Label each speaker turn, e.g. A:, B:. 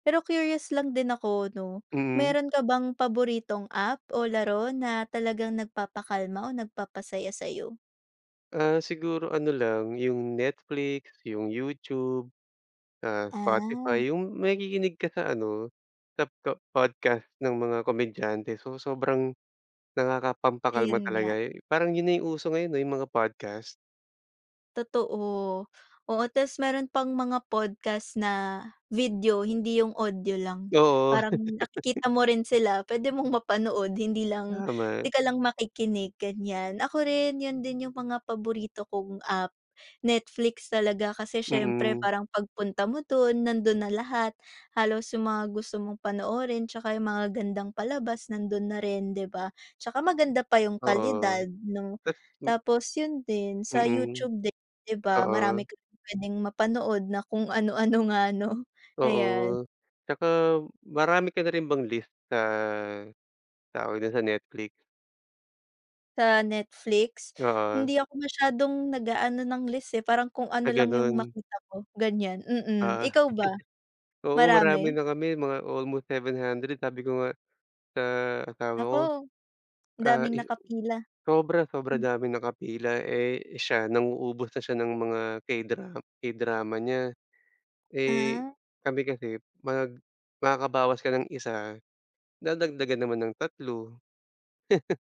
A: Pero curious lang din ako, 'no,
B: Mm.
A: meron ka bang paboritong app o laro na talagang nagpapakalma o nagpapasaya sa'yo?
B: Ah, siguro ano lang yung Netflix, yung YouTube, ah,
A: Ah.
B: Spotify, yung makikinig ka sa ano sap po podcast ng mga komedyante. So sobrang nakakapampakalma
A: Ayun nga.
B: talaga eh. Parang yun na yung uso ngayon eh, yung mga podcast.
A: Totoo. Oo, tas meron pang mga podcast na video, hindi yung audio lang.
B: Oo.
A: Parang nakikita mo rin sila. Puwede mong mapanood, hindi lang,
B: Tama.
A: 'di ka lang makikinig, ganyan. Ako rin, yun din yung mga paborito kong app. Netflix talaga, kasi siyempre
B: Mm.
A: parang pagpunta mo don, nandon na lahat. Halos yung mga gusto mong panoorin tsaka yung magagandang palabas, nandun na rin, 'di ba? Tsaka maganda pa yung
B: Oo.
A: kalidad 'no.
B: Tas hmm.
A: Tapos yun din sa
B: Mm,
A: YouTube din, 'di ba,
B: oo.
A: marami kang puwedeng mapanood na kung ano-ano nga, 'no, ayan.
B: Oo, tsaka marami ka na rin bang list sa tawag dun, sa Netflix?
A: Sa Netflix,
B: Oo.
A: hindi ako masyadong nag-aano ng list, eh, parang kung
B: Ah,
A: ano lang yung
B: ganun.
A: makita ko, ganyan,
B: Ah.
A: mm. Ikaw ba,
B: Oo, marami
A: marami?
B: na kami, mga almost 700, sabi ko nga sa asawa ko.
A: Naku, ang
B: Ah
A: daming
B: eh,
A: nakapila.
B: sobra sobra
A: Hmm.
B: daming nakapila. Eh, siya, nang-uubos na siya ng mga K-dra K-drama niya. Eh,
A: Ah.
B: kami kasi, mag makakabawas ka ng isa, dadagdagan naman ng tatlo.